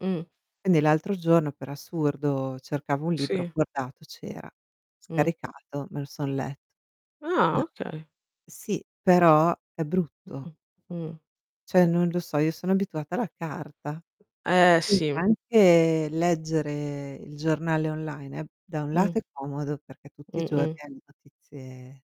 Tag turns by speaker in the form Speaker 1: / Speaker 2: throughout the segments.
Speaker 1: Mh.
Speaker 2: Quindi l'altro giorno per assurdo cercavo un libro, ho
Speaker 1: Sì.
Speaker 2: guardato c'era,
Speaker 1: Mh.
Speaker 2: scaricato, me lo son letto.
Speaker 1: Ah,
Speaker 2: Ma
Speaker 1: okay.
Speaker 2: sì, però è brutto.
Speaker 1: Mh-mh, mh.
Speaker 2: Cioè, non lo so io sono abituata alla carta.
Speaker 1: Eh
Speaker 2: Quindi,
Speaker 1: sì.
Speaker 2: anche leggere il giornale online è da un lato
Speaker 1: Mh.
Speaker 2: è comodo perché tutti i giorni
Speaker 1: Mh-mh.
Speaker 2: hai notizie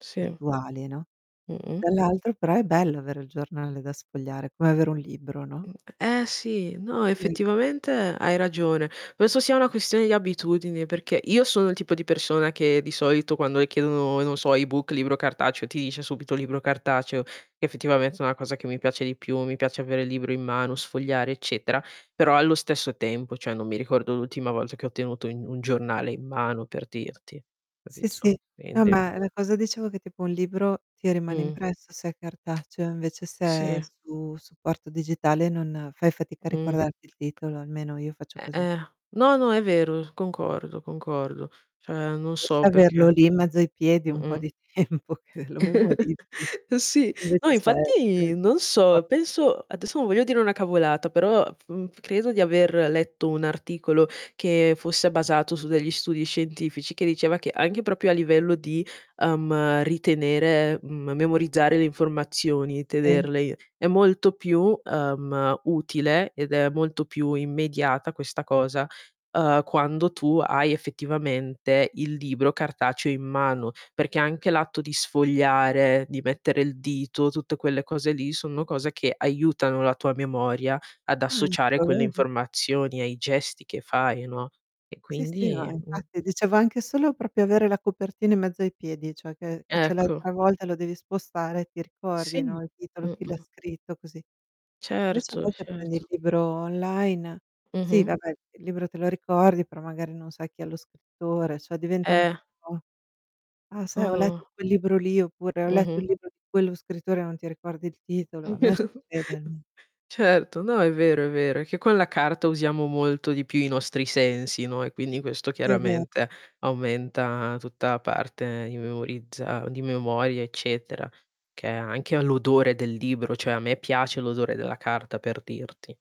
Speaker 1: Sì.
Speaker 2: attuali, no.
Speaker 1: Mh-mh.
Speaker 2: Dall'altro però è bello avere il giornale da sfogliare, come avere un libro, no?
Speaker 1: Mh, eh, eh, sì, no
Speaker 2: Sì.
Speaker 1: effettivamente hai ragione. Penso sia una questione di abitudini, perché io sono il tipo di persona che di solito quando le chiedono, non so, e-book, libro cartaceo, ti dice subito libro cartaceo, effettivamente è una cosa che mi piace di più, mi piace avere il libro in mano, sfogliare, eccetera, però allo stesso tempo, cioè, non mi ricordo l'ultima volta che ho tenuto in un giornale in mano, per dirti.
Speaker 2: Sì,
Speaker 1: Capito?
Speaker 2: sì, no
Speaker 1: Quindi
Speaker 2: ma la cosa dicevo che tipo un libro ti rimane
Speaker 1: Mh.
Speaker 2: impresso, se è cartaceo, invece se è
Speaker 1: Sì.
Speaker 2: su supporto digitale non fai fatica a
Speaker 1: Mh.
Speaker 2: ricordarti il titolo, almeno, io faccio
Speaker 1: Eh,
Speaker 2: così.
Speaker 1: eh, no, no è vero, concordo, concordo. Cioè, non
Speaker 2: Forse
Speaker 1: so
Speaker 2: averlo
Speaker 1: perché.
Speaker 2: lì in mezzo ai piedi un po'
Speaker 1: Mh-mh.
Speaker 2: di tempo che lo memorizzi.
Speaker 1: Sì, no
Speaker 2: Invece se se
Speaker 1: infatti non
Speaker 2: [unintelligible]
Speaker 1: so, penso adesso non voglio dire una cavolata, però f f credo di aver letto un articolo che fosse basato su degli studi scientifici, che diceva che anche proprio a livello di, uhm, ritenere m memorizzare le informazioni,
Speaker 2: Sì.
Speaker 1: tenerle i è molto più, uhm, utile, ed è molto più immediata questa cosa, uhm, quando tu hai effettivamente il libro cartaceo in mano, perché anche l'atto di sfogliare, di mettere il dito, tutte quelle cose lì sono cose che aiutano la tua memoria ad
Speaker 2: Ah,
Speaker 1: associare quelle
Speaker 2: lo vedi?
Speaker 1: informazioni ai gesti che fai, no, e
Speaker 2: Sì, sì, no,
Speaker 1: quindi mh.
Speaker 2: infatti dicevo anche solo proprio avere la copertina in mezzo ai piedi, cioè che che c'è l'hai
Speaker 1: Ecco.
Speaker 2: travolta, lo devi spostare, ti
Speaker 1: Sì,
Speaker 2: ricordi, no, il titolo, chi l'ha
Speaker 1: mh-mh.
Speaker 2: scritto, così. Invece a
Speaker 1: Certo,
Speaker 2: volte prendi il
Speaker 1: certo.
Speaker 2: libro online, sì,
Speaker 1: Mh-mh.
Speaker 2: vabbè il libro te lo ricordi, però magari non sai chi è lo scrittore, cioè diventa un
Speaker 1: Eh.
Speaker 2: po' "Ah, sai ho letto
Speaker 1: Mado
Speaker 2: quel libro lì" oppure "Ho letto
Speaker 1: Mh-mh.
Speaker 2: il libro di quello scrittore" e non ti ricordi il titolo. A me succede almen
Speaker 1: Certo, no è vero, è vero, è che con la carta usiamo molto di più i nostri sensi, no, e quindi questo
Speaker 2: Sì, è vero
Speaker 1: chiaramente aumenta tutta parte di memorizza di memoria, eccetera, che è anche l' odore del libro, cioè a me piace l'odore della carta per dirti.